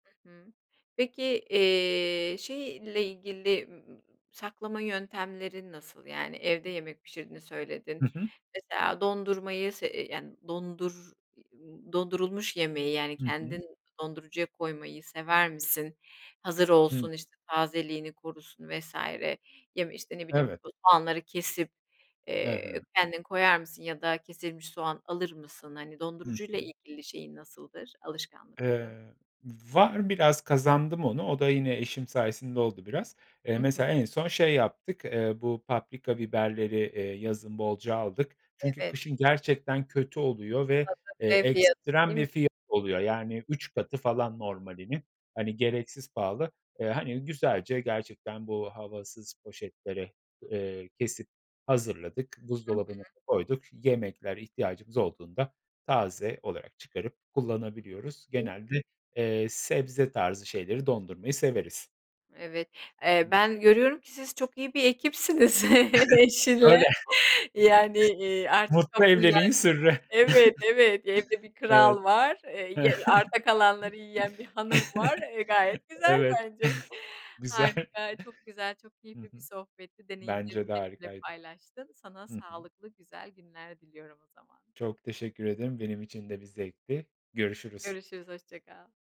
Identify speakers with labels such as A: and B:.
A: Hı hı. Peki, eee, şeyle ilgili saklama yöntemlerin nasıl? Yani, evde yemek pişirdiğini
B: Hı
A: söyledin
B: hı.
A: mesela dondurmayı s [unintelligible] yani, dondur dondurulmuş yemeği, yani,
B: Hı hı.
A: kendin dondurucuya koymayı sever misin? Hazır
B: Hı.
A: olsun, işte, tazeliğini korusun vs. ya, işte, ne bileyim,
B: Evet.
A: soğanları kesip,
B: He
A: eee,
B: he.
A: kendin koyar mısın ya da kesilmiş soğan alır mısın? Hani,
B: Hı
A: dondurucuyla
B: hı.
A: ilgili şeyin nasıldır, alışkanlıkların?
B: Eee, var biraz kazandım onu. O da yine eşim sayesinde oldu, biraz. Eee,
A: Hı hı.
B: mesela en son şey yaptık. Eee, bu paprika biberleri, eee, yazın bolca aldık. Çünkü
A: Evet.
B: kışın gerçekten kötü oluyor ve, eee, ekstrem bir
A: [unintelligible]
B: fiyatı oluyor. Yani, 3 katı falan normalinin, hani, gereksiz pahalı. Iıı, hani, güzelce gerçekten bu havasız poşetlere, eee, kesip hazırladık.
A: Hı hı.
B: Buzdolabına da koyduk. Yemeklere ihtiyacımız olduğunda taze olarak çıkarıp kullanabiliyoruz. Genelde, eee, sebze tarzı şeyleri dondurmayı severiz.
A: Evet. Eee, ben görüyorum ki siz çok iyi bir ekipsiniz eşinle,
B: Öyle.
A: yani, ııı, artık
B: Mutlu
A: kabullendin.
B: evliliğin sırrı.
A: Evet, evet, evde bir
B: Evet.
A: kral var, eee, ye arta kalanları yiyen bir hanım var, e, gayet güzel
B: Evet.
A: bence.
B: Güzel.
A: Harika çok güzel, çok
B: Hı
A: keyifli bir
B: hı.
A: sohbetti
B: Bence
A: deneyimlerini
B: de
A: benimle
B: harikaydı.
A: paylaştın. Sana
B: Hı hı.
A: sağlıklı güzel günler diliyorum o zaman.
B: Çok teşekkür ederim. Benim için de bir zevkti. Görüşürüz.
A: Görüşürüz. Hoşça kal.